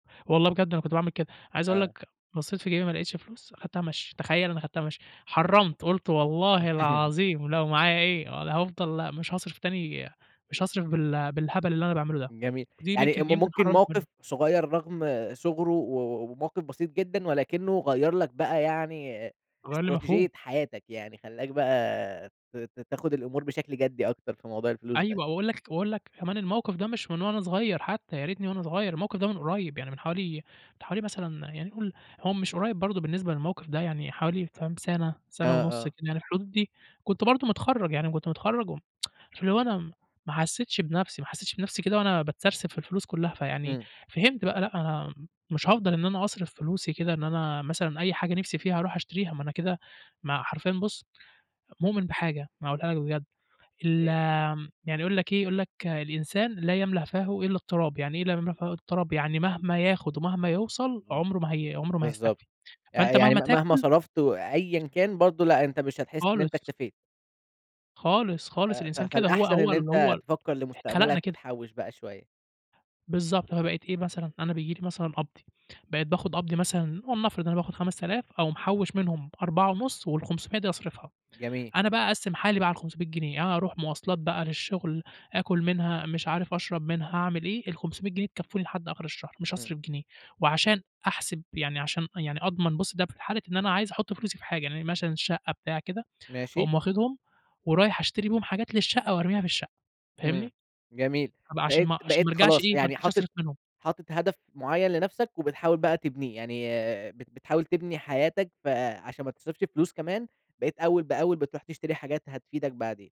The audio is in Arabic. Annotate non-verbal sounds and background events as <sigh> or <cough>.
والله بجد أنا كنت باعمل كده، عايز أقول آه. لك بصّيت في جيبي ما لقيتش فلوس، أخدتها مشي، تخيل أنا خدتها مشي، إمم. حرَّمت، قُلت والله <laughs> العظيم لو معايا إيه ول هافضل مش هاصرف تاني مش هاصرف بال بالهبل اللي أنا باعمله ده، جميل، دي يعني م ممكن يمكن ممكن حرَّمت موقِف منه. صغيّر رغم صُغره و و وموقف بسيط جدًا، ولكنه غيّر لك بقى يعني غيّر لي مفهوم. استراتيجية حياتك، يعني خلّاك بقى ت ت تاخد الأمور بشكل جدّي أكتر في موضوع الفلوس أيوه ده. وأقول لك وأقول لك كمان الموقف ده مش من وأنا صغيّر حتى ياريتني وأنا صغيّر، الموقف ده من قريّب، يعني من حوالي من حوالي مثلًا يعني قُل هو مش قريّب برضو بالنسبة للموقف ده، يعني حوالي فاهم سنة، سنة آه ونُص كده آه. يعني الحدود دي، كنت برضو متخرَّج، يعني كنت متخرَّج، و <tsk> فاللي هو أنا م ما حسيتش بنَفسي، ما حسيتش بنَفسي كده وأنا باتسرسب في الفلوس كلّها، فيعني إمم. فهمت بقى لأ، أنا مش هافضل إن أنا أصرف فلوسي كده، إن أنا مثلًا أي حاجة نِفسي فيها أروح أشتريها، ما أنا كده ما حرفيًا بُصّ، مؤمِن بحاجة أنا هاقولها لك بجد، ال أوكي. يعني يقول لك إيه، يقول لك "الإنسان لا يملأ فاهُ إلّا التراب"، يعني إيه لا يملأ فاهُ إلّا التراب؟ يعني مهما ياخد ومهما يوصَل إمم، عمره ما هي عمره ما بالضبط، هيستكفي، ي فأنت يعني مهما مهما تاكل صرَفت و أيًا كان، برضو لأ أنت مش هتحس إن أنت خالص. اكتفيت. خالص، ف خالص، ف الإنسان كده هو فالأحسن هو إن ال هو أنت ال تفكَّر اتخلقنا لمستقبلك كده. وتحوّش بقى شوية. بالضبط، فبقيت إيه مثلًا أنا بييجي لي مثلًا قبضي، بقيت باخد قبضي مثلًا ولنفرض أنا باخد 5000 أقوم محوّش منهم 4.5 وال500 دي أصرفها، جميل. أنا بقى أقسّم حالي بقى على ال500 جنيه، أنا أروح مواصلات بقى للشغل، آكل منها، مش عارف أشرب منها، أعمل إيه، ال500 جنيه تكفوني لحد آخر الشهر، مش إمم. هاصرف جنيه، وعشان أحسب يعني عشان يعني أضمن، بُصّ ده في حالة إن أنا عايز أحط فلوسي في حاجة، يعني مثلًا الشقّة بتاع كده، ماشي. فأقوم واخدهم ورايح أشتري بيهم حاجات للشقّة وأرميها في الشقّة، إمم، فاهمني؟ جميل، أبقى عشان بقيت ما عشان بقيت ما ارجعش خلاص إيه، ما يعني ارجعش حاطط أصرف منهم. حاطط هدف معيّن لنَفسك وبتحاول بقى تبنيه، يعني بت بتحاول تبني حياتك فعشان ما تصرفش فلوس كمان بقيت أول بأول بتروح تشتري حاجات هتفيدك بعدين.